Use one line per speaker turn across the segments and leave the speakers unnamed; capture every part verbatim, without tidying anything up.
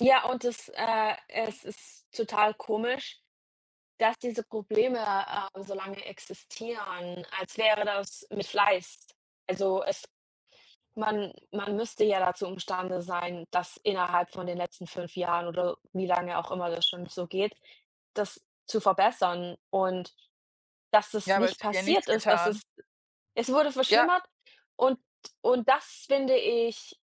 Ja und es äh, es ist total komisch, dass diese Probleme, äh, so lange existieren, als wäre das mit Fleiß. Also es man man müsste ja dazu imstande sein, dass innerhalb von den letzten fünf Jahren oder wie lange auch immer das schon so geht, das zu verbessern und dass das
Ja, aber
nicht
es wird ja nichts
passiert ist, dass
getan.
es es wurde
Ja.
verschlimmert und und das finde ich,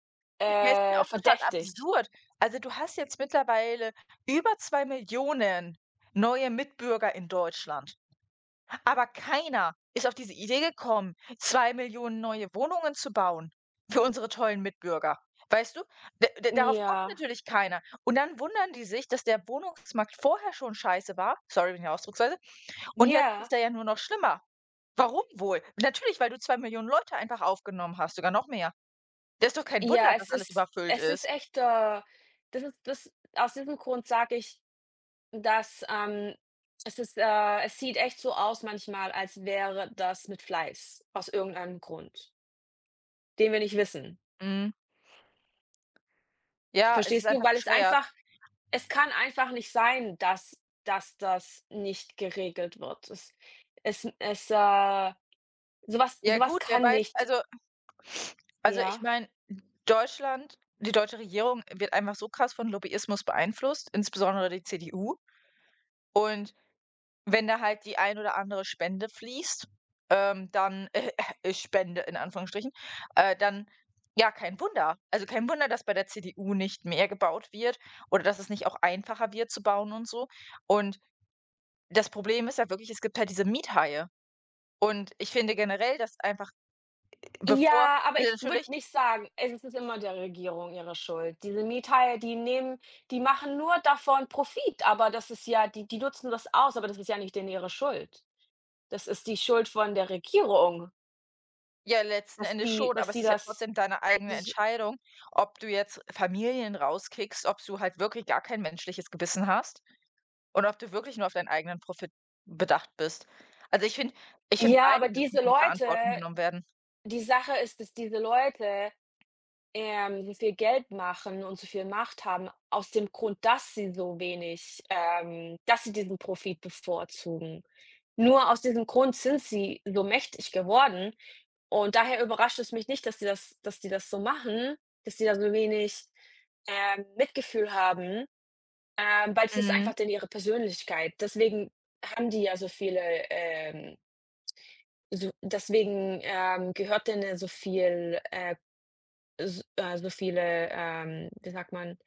Ja, es ist ja
äh,
auch total
verdächtig.
absurd. Also du hast jetzt mittlerweile über zwei Millionen neue Mitbürger in Deutschland, aber keiner ist auf diese Idee gekommen, zwei Millionen neue Wohnungen zu bauen für unsere tollen Mitbürger. Weißt du? D darauf kommt
Ja.
natürlich keiner. Und dann wundern die sich, dass der Wohnungsmarkt vorher schon scheiße war. Sorry, wegen der Ausdrucksweise. Und jetzt
Ja.
ist er ja nur noch schlimmer. Warum wohl? Natürlich, weil du zwei Millionen Leute einfach aufgenommen hast, sogar noch mehr. Da ist doch kein Wunder,
Ja,
dass
es
alles
ist
überfüllt
es ist
ist.
echt äh, das ist das Aus diesem Grund sage ich, dass, ähm es ist äh, es sieht echt so aus manchmal, als wäre das mit Fleiß aus irgendeinem Grund den wir nicht wissen.
Mhm. Ja, es ist
Verstehst du?
einfach
Weil es
bescheuert.
einfach es kann einfach nicht sein, dass dass das nicht geregelt wird. Es es n ist, äh so was
Ja
so was
gut, wer
kann
weiß,
nicht
also .also ich
Ja.
meine Deutschland die deutsche Regierung wird einfach so krass von Lobbyismus beeinflusst, insbesondere die CDU. Und wenn da halt die ein oder andere Spende fließt, ähm, dann äh, öh, äh, Spende in Anführungsstrichen, äh, dann ja, kein Wunder. Also, kein Wunder, dass bei der CDU nicht mehr gebaut wird oder dass es nicht auch einfacher wird zu bauen und so und das Problem ist halt wirklich, es gibt halt diese Miethaie und ich finde generell, dass einfach bevor
Ja, aber
also
ich würde
natürlich
nicht sagen, es ist immer der Regierung ihre Schuld. Diese Miethaie, die nehmen die machen nur davon Profit, aber das ist ja die die nutzen das aus, aber das ist ja nicht denen ihre Schuld. Das ist die Schuld von der Regierung.
Ja, letzten
Dass
Endes
die
schon,
dass
aber es
die
ist ja
das
trotzdem deine eigene
s
Entscheidung, ob du jetzt Familien rauskickst, ob du halt wirklich gar kein menschliches Gewissen hast und ob du wirklich nur auf deinen eigenen Profit bedacht bist. Also ich finde ich finde
Ja,
beide
aber
müssen
diese
in die
Leute
Verantwortung genommen werden.
die Sache ist, dass diese Leute, ähm, so viel Geld machen und so viel Macht haben aus dem Grund, dass sie so wenig, ähm dass sie diesen Profit bevorzugen. Nur aus diesem Grund sind sie so mächtig geworden und daher überrascht es mich nicht, dass die das dass die das so machen, dass die da so wenig, äh, Mitgefühl haben, äh, weil es ist einfach
Mhm.
denen ihre Persönlichkeit. Deswegen haben die ja so viele, ähm so deswegen, ähm, gehört denen ja so viel äh, s so viele ähm, wie sagt man